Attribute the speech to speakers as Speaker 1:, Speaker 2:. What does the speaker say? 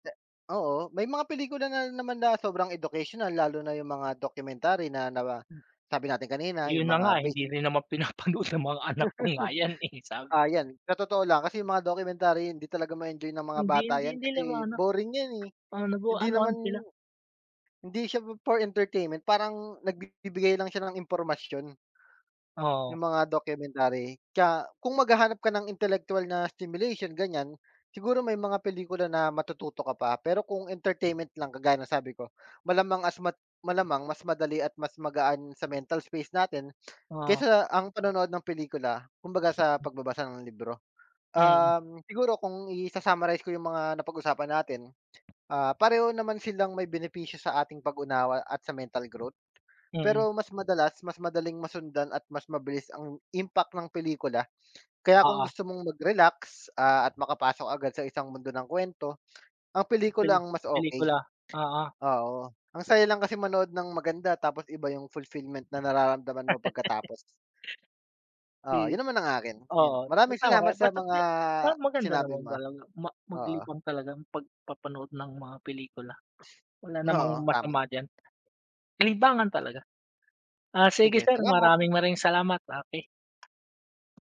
Speaker 1: Oo. May mga pelikula na naman na sobrang educational. Lalo na yung mga documentary na naba sabi natin kanina
Speaker 2: Ayun
Speaker 1: 'yung
Speaker 2: na
Speaker 1: mga
Speaker 2: nga,
Speaker 1: beast.
Speaker 2: hindi rin naman pinapanood ng mga anak ko nga yan eh sa
Speaker 1: Ah yan, sa totoo lang kasi yung mga documentary hindi talaga ma-enjoy ng mga
Speaker 2: Hindi
Speaker 1: bata
Speaker 2: hindi
Speaker 1: yan
Speaker 2: hindi nila ma
Speaker 1: kasi
Speaker 2: ano.
Speaker 1: boring yan eh,
Speaker 2: Oo, nagu
Speaker 1: hindi
Speaker 2: anuhan
Speaker 1: naman
Speaker 2: sila.
Speaker 1: hindi siya for entertainment. Parang nagbibigay lang siya ng impormasyon.
Speaker 2: Oo.
Speaker 1: 'Yung mga documentary. Kaya kung maghahanap ka ng intelektuwal na stimulation ganyan, siguro may mga pelikula na matututo ka pa. Pero kung entertainment lang, kagaya sabi ko, malamang as mat malamang mas madali at mas magaan sa mental space natin,
Speaker 2: Oo.
Speaker 1: kaysa ang panonood ng pelikula, kumbaga sa pagbabasa ng libro,
Speaker 2: Mm.
Speaker 1: um siguro kung isa-summarize ko yung mga napag-usapan natin, ah pareho naman silang may benepisyo sa ating pag-unawa at sa mental growth.
Speaker 2: Mm.
Speaker 1: Pero mas madalas, mas madaling masundan at mas mabilis ang impact ng pelikula. Kaya kung
Speaker 2: Oo.
Speaker 1: gusto mong magrelax, ah at makapasok agad sa isang mundo ng kuwento, ang pelikula
Speaker 2: Peli
Speaker 1: ang mas okey,
Speaker 2: pelikula. Oo.
Speaker 1: oo. Ang saya lang kasi manood ng maganda, tapos iba 'yung fulfillment na nararamdaman mo pagkatapos. Oo.
Speaker 2: Si
Speaker 1: 'Yun naman ang akin, ayun.
Speaker 2: oo,
Speaker 1: Maraming
Speaker 2: tama ka
Speaker 1: salamat
Speaker 2: diyan,
Speaker 1: sa
Speaker 2: basta
Speaker 1: mga
Speaker 2: si parang maganda
Speaker 1: sinabi
Speaker 2: naman
Speaker 1: mo.
Speaker 2: talaga ma
Speaker 1: Oo.
Speaker 2: maglibang talaga 'pag papanood ng mga pelikula. Wala namang
Speaker 1: Oo. Tama.
Speaker 2: masama diyan. Libangan talaga. Ah, sige
Speaker 1: Sige.
Speaker 2: sir,
Speaker 1: Salamat!
Speaker 2: maraming maraming salamat. Okey.